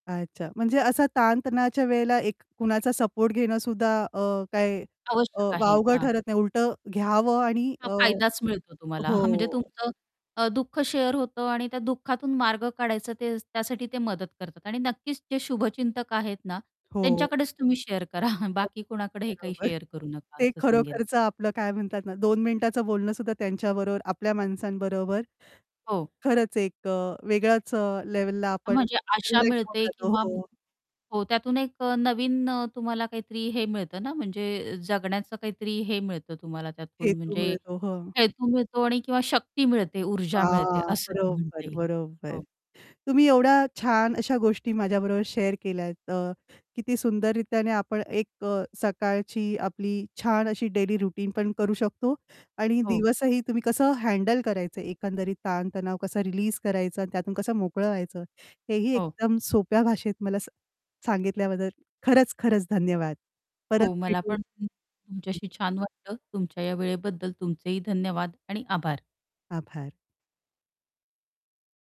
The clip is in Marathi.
अच्छा. म्हणजे असं ताण-तणावाच्या वेळेला एक कुणाचा सपोर्ट घेणं सुद्धा अ, काय अ, आवश्यक आहे. वावगं हां. ठरत नाही उलटं घ्यावं आणि अ, हां फायदाच मिळतो तुम्हाला म्हणजे हो. तुमचं अ, दुःख शेअर होतं आणि त्या दुःखातून मार्ग काढायचं ते त्यासाठी ते मदत करतात आणि नक्कीच जे शुभचिंतक आहेत ना हो. त्यांच्याकडेच तुम्ही शेअर करा. बर बाकी कोणाकडे हे काही बरोबर शेअर करू नका ते असं सांगेन. खरोखरचं आपलं काय म्हणतात ना दोन मिनिटाचं बोलणं सुद्धा त्यांच्याबरोबर, आपल्या माणसांबरोबर हो. खरंच एक अ, वेगळ्याच अ, लेव्हलला आपण म्हणजे आशा रिलॅक्स होऊन मिळते जातो किंवा हो. हो, त्यातून एक अ, नवीन अ, तुम्हाला काहीतरी हे मिळतं ना म्हणजे जगण्याचं काहीतरी हे मिळतं तुम्हाला त्यातून हेतू म्हणजे मिळतो हो. हेतू मिळतो आणि किंवा शक्ती मिळते, ऊर्जा मिळते, हां. असं बरोबर. म्हणता येईल. बरोबर. हो. तुम्ही एवढ्या छान अशा गोष्टी माझ्याबरोबर शेअर केल्यात अ, किती सुंदररीत्याने आपण एक अ, सकाळची आपली छान अशी डेली रुटीन पण करू शकतो आणि हो. दिवसही तुम्ही कसं हँडल करायचं, एकंदरीत ताण-तणाव कसं रिलीज करायचं आणि त्यातून कसं मोकळं व्हायचं हेही हो. एकदम सोप्या भाषेत मला सांग सांगितल्याबद्दल खरंच खरंच धन्यवाद. परत हो मला भेटू. पण तुम हं. तुमच्याशी छान वाटलं. तुमच्या या वेळेबद्दल तुमचेही धन्यवाद आणि आभार. आभार!